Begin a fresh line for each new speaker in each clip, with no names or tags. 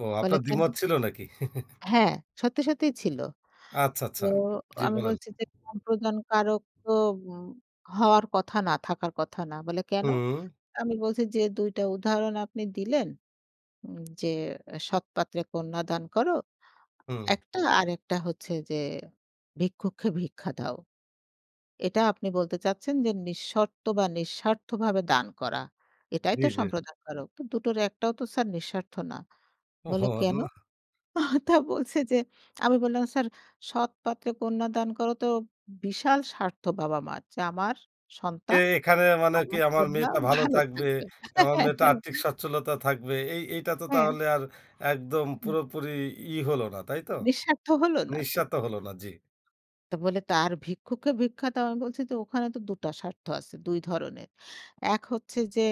ও,
বলে,
আপনার
কেন?
দ্বিমত ছিল নাকি?
হ্যাঁ। সত্যি, সত্যিই ছিল।
আচ্ছা,
তো
আচ্ছা। জি,
আমি
বলেন।
বলছি যে, "সম্প্রদান কারক তো উম হওয়ার কথা না, থাকার কথা না।" বলে, "কেন?"
হুম।
আমি বলছি, "যে ২ টা উদাহরণ আপনি দিলেন? উম যে এ 'সৎপাত্রে কন্যা দান করো'
হুম।
একটা। আরেকটা হচ্ছে যে 'ভিক্ষুককে ভিক্ষা দাও' এটা আপনি বলতে চাচ্ছেন যে নিঃশর্ত বা নিঃস্বার্থভাবে দান করা। এটাই
জি,
তো,
জি।
সম্প্রদান কারক। তো দুটোর একটাও তো স্যার, নিঃস্বার্থ না।" বললো,
ওহহো! আ
"কেন?"
না।
তা বলছে যে আমি বললাম, "স্যার, সৎপাত্রে কন্যা দান করো তো, বিশাল স্বার্থ বাবা মা'র যে, আমার
কে
সন্তান,
এখানে মানে কি,
আমার
আমার
কন্যা
মেয়েটা ভালো
ভালো
থাকবে,
থাকবে।"
আমার মেয়েটার আর্থিক সচ্ছলতা থাকবে। এই, এইটা তো
হ্যাঁ।
তাহলে আর একদম
হুম।
পুরোপুরি ই হলো না, তাইতো?
নিঃস্বার্থ হল না তো।
নিঃস্বার্থ হলো না। জি।
তো বলে, "তো আর ভিক্ষুককে ভিক্ষা দেওয়া?" আমি বলছি যে, "ওখানে তো দুটা স্বার্থ আছে, ২ ধরনের। এক হচ্ছে যে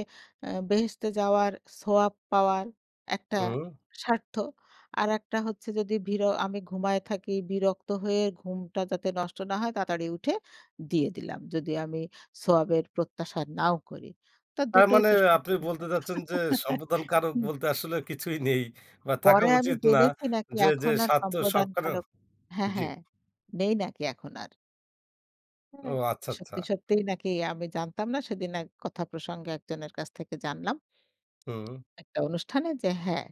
এ্যা বেহেশতে যাওয়ার, সোয়াব পাওয়ার, একটা
উম
স্বার্থ। আরেকটা হচ্ছে যদি ভিরো আমি যদি ঘুমায়ে থাকি, বিরক্ত হয়ে ঘুমটা যাতে নষ্ট না হয়, তাড়াতাড়ি উঠে, দিয়ে দিলাম। যদি আমি, সোয়াবের প্রত্যাশা নাও করি। তো
তার
দুটোই
মানে,
তো
আপনি
স্বার্থ।"
বলতে চাচ্ছেন যে, সম্প্রদান কারক
হুম।
বলতে আসলে কিছুই নেই বা থাকা
পরে আমি
উচিত না।
জেনেছি নাকি
যে, যে
এখন আর
স্বার্থ
সম্প্রদান
সবখানেও
কারক হ্যাঁ,
জি।
হ্যাঁ। নেই নাকি এখন আর।
ও,
হ্যাঁ,
আচ্ছা, আচ্ছা।
সত্যি, সত্যিই নাকি, আমি জানতাম না, সেদিন এক কথা প্রসঙ্গে একজনের কাছ থেকে জানলাম।
হুম।
একটা অনুষ্ঠানে যে হ্যাঁ,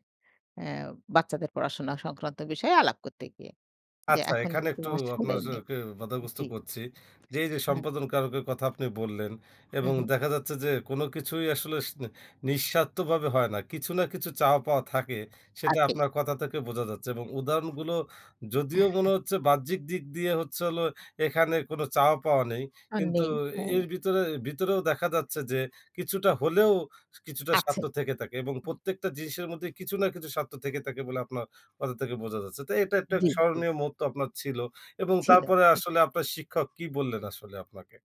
এ্যা বাচ্চাদের পড়াশোনা সংক্রান্ত বিষয়ে আলাপ করতে গিয়ে। যে,
আচ্ছা,
এখন
এখানে
কিন্তু
একটু
আসলে
আপনার যে
নেই।
কেউ বাধাগ্রস্থ
জি।
করছি। যে এই যে,
হুম।
সম্প্রদান কারকের কথা আপনি বললেন
হু,
এবং
হু।
দেখা যাচ্ছে যে, কোন কিছুই আসলে সি নিঃস্বার্থভাবে হয় না। কিছু না কিছু চাওয়া পাওয়া থাকে, সেটা
থাকেই।
আপনার কথা থেকে বোঝা যাচ্ছে। এবং উদাহরণগুলো যদিও মনে হচ্ছে, বাহ্যিক দিক দিয়ে হচ্ছে হলো, এখানে কোন চাওয়া পাওয়া নেই।
আর
কিন্তু
নেই। হ্যাঁ।
এর ভিতরে ভিতরেও দেখা যাচ্ছে যে, কিছুটা হলেও কিছুটা
আছে।
স্বার্থ থেকে থাকে এবং
হুম।
প্রত্যেকটা জিনিসের মধ্যে কিছু না কিছু স্বার্থ থেকে থাকে বলে আপনার কথা থেকে বোঝা যাচ্ছে। তো, এটা একটা
জি, জি।
স্মরণীয় মুহূর্ত আপনার ছিল। এবং
ছিল।
তারপরে
এ
আসলে আপনার শিক্ষক কি বললেন আসলে আপনাকে?